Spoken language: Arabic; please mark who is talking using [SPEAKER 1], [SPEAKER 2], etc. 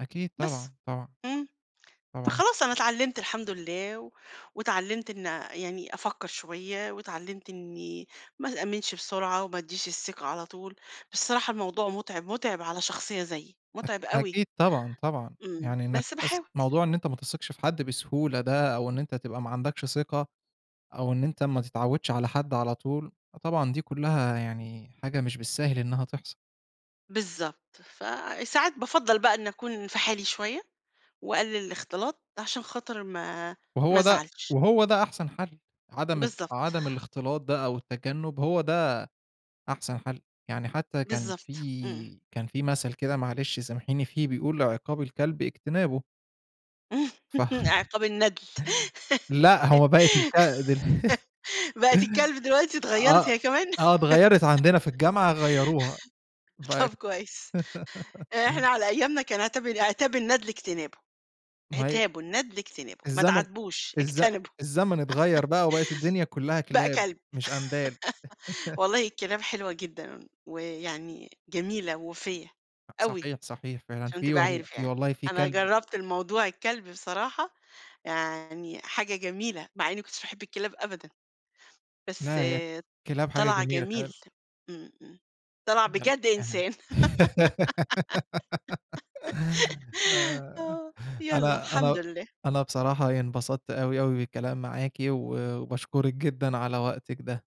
[SPEAKER 1] أكيد
[SPEAKER 2] بس.
[SPEAKER 1] طبعًا، طبعًا،
[SPEAKER 2] إمم.
[SPEAKER 1] طبعًا.
[SPEAKER 2] فخلاص أنا اتعلّمت الحمد الله، واتعلّمت إن أ يعني أفكّر شوية، واتعلمت إني ما تأمّنش بسرعة، وما أدِّيش الثقة على طول، بس الصراحة الموضوع مُتعب مُتعب على شخصية زيي، مُتعب
[SPEAKER 1] أك
[SPEAKER 2] أوي.
[SPEAKER 1] أكيد طبعًا، طبعًا،
[SPEAKER 2] إمم.
[SPEAKER 1] يعني إنّك
[SPEAKER 2] بس
[SPEAKER 1] أص
[SPEAKER 2] باحاول.
[SPEAKER 1] موضوع إن أنت ما تثقش في حد بسهولة ده، أو إن أنت تبقى ما عندكش ثقة، أو إن أنت ما تتعودش على حد على طول، فطبعًا دي كُلّها يعني حاجة مش بالساهل إنّها تحصل.
[SPEAKER 2] بالضبط. فساعات بافَضّل بقى إن أكون في حالي شوية، وأقلل الاختلاط، عشان خاطر ما ما
[SPEAKER 1] وهو ده
[SPEAKER 2] أزعلش.
[SPEAKER 1] وهو ده أحسن حل. عدم ال
[SPEAKER 2] بالضبط.
[SPEAKER 1] عدم الاختلاط ده أو التجنب هو ده أحسن حل. يعني حتى كان
[SPEAKER 2] بالضبط. إمم.
[SPEAKER 1] في كان في مثل كده معلش سامحيني فيه، بيقول عقاب الكلب اجتنابه. فخّ
[SPEAKER 2] عقاب الندل
[SPEAKER 1] لأ، هو بقِت الك د ال
[SPEAKER 2] بقِت الكلب دلوقتي، اتغيّرِت
[SPEAKER 1] آه،
[SPEAKER 2] هي كمان؟
[SPEAKER 1] آه اتغيّرِت، عندنا في الجامعة غيّروها
[SPEAKER 2] طب
[SPEAKER 1] بقِت
[SPEAKER 2] كويس. إحنا على أيامنا كان عِتاب ال عِتاب الندل اجتنابه.
[SPEAKER 1] ما هي
[SPEAKER 2] عِتابه الندل اجتنابه. ما
[SPEAKER 1] الزمن
[SPEAKER 2] تعاتبوش،
[SPEAKER 1] الز
[SPEAKER 2] اجتنبه.
[SPEAKER 1] الزمن اتغيّر بقى، وبقِِت الدنيا كُلّها
[SPEAKER 2] بقى
[SPEAKER 1] كلاب،
[SPEAKER 2] كلب
[SPEAKER 1] مش أندال.
[SPEAKER 2] والله الكلاب حلوة جدًا، ويعني جميلة ووفية
[SPEAKER 1] أ
[SPEAKER 2] أوي،
[SPEAKER 1] صحيح، صحيح فعلًا،
[SPEAKER 2] عشان
[SPEAKER 1] في
[SPEAKER 2] تبقى
[SPEAKER 1] والل
[SPEAKER 2] عارف
[SPEAKER 1] في
[SPEAKER 2] يعني،
[SPEAKER 1] والله في
[SPEAKER 2] أنا
[SPEAKER 1] كلب
[SPEAKER 2] جربت الموضوع الكلب بصراحة، يعني حاجة جميلة مع إني ما كنتش باحب الكلاب أبدًا. بس
[SPEAKER 1] لا هي الكلاب حاجة
[SPEAKER 2] طلع
[SPEAKER 1] جميلة
[SPEAKER 2] جميل.
[SPEAKER 1] فعلًا.
[SPEAKER 2] إمم إمم. طلع بجد
[SPEAKER 1] [unintelligible]
[SPEAKER 2] إنسان. آه، يالَّا
[SPEAKER 1] أنا
[SPEAKER 2] الحمد
[SPEAKER 1] أنا
[SPEAKER 2] لله.
[SPEAKER 1] أنا بصراحة انبسطت أوي أوي بالكلام معاكِ و وباشكرِك جدًا على وقتِك ده.